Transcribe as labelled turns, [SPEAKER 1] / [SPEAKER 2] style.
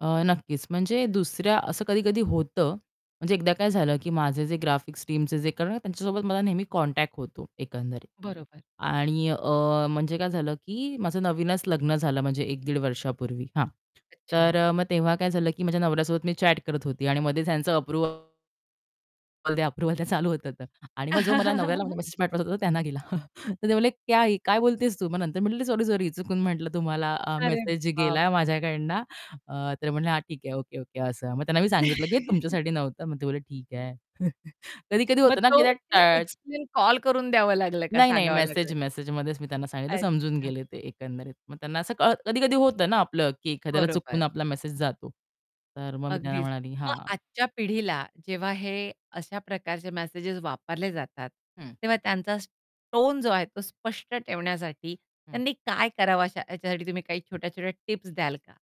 [SPEAKER 1] अ, नक्कीच. म्हणजे दुसऱ्या, असं कधी-कधी होतं. म्हणजे एकदा काय झालं, की माझे जे ग्राफिक्स टीमचे जे कारण काय, त्यांच्यासोबत मला नेहमी कॉन्टॅक्ट होतो, एकंदरीत.
[SPEAKER 2] बरोबर.
[SPEAKER 1] आणि, अ, म्हणजे काय झालं, की माझं नवीनच लग्न झालं, म्हणजे 1 दीड वर्षापूर्वी हां.
[SPEAKER 2] अच्छा.
[SPEAKER 1] तर मग तेव्हा काय झालं, की माझ्या नवऱ्यासोबत मी चॅट करत होती. आणि मध्येच त्यांचं अप्रूव्हल द्या अप्रूव्हल द्या चालू होत होतं. आणि मग जो मला नवऱ्याला मेसेज पाठवायचा होता, तो त्यांना गेला. तर ते म्हणाले, "क्या है ये? काय बोलतेस तू?" मग नंतर मी म्हटलं, "सॉरी, सॉरी. चुकून म्हटलं, तुम्हाला, अ,
[SPEAKER 2] अरे
[SPEAKER 1] मेसेज गेलाय
[SPEAKER 2] बापरे!
[SPEAKER 1] माझ्याकडून." अ, तर ते म्हणाले, "हां, ठीक आहे, ओके ओके." असं. मग त्यांना मी सांगितलं, की "हे तुमच्यासाठी नव्हतं." मग ते म्हणाले, "ठीक आहे." कधी-कधी
[SPEAKER 2] मग
[SPEAKER 1] होतं ना की
[SPEAKER 2] तो
[SPEAKER 1] त्या
[SPEAKER 2] ते
[SPEAKER 1] टळ
[SPEAKER 2] एक्सप्लेन कॉल करून द्यावं लागलं का
[SPEAKER 1] नाही, नाही.
[SPEAKER 2] सांगावं
[SPEAKER 1] मेसेज
[SPEAKER 2] लागलं?
[SPEAKER 1] मेसेजमध्येच मी त्यांना सांगितलं समजून
[SPEAKER 2] अच्छा.
[SPEAKER 1] गेले ते एकंदरीत. मग त्यांना असं कळ कधी-कधी होतं ना आपलं की एखाद्याला
[SPEAKER 2] बरोबर.
[SPEAKER 1] चुकवून आपला मेसेज जातो. तर मग मी त्यांना
[SPEAKER 2] अगदीच.
[SPEAKER 1] म्हणाली
[SPEAKER 2] मग
[SPEAKER 1] हां.
[SPEAKER 2] आजच्या पिढीला जेव्हा हे अशा प्रकारचे मेसेजेस वापरले जातात,
[SPEAKER 1] हं.
[SPEAKER 2] तेव्हा त्यांचाच टोन जो आहे तो स्पष्ट ठेवण्यासाठी
[SPEAKER 1] हं.
[SPEAKER 2] त्यांनी काय करावं, अशा ह्याच्यासाठी तुम्ही काही छोट्या-छोट्या टिप्स द्याल का?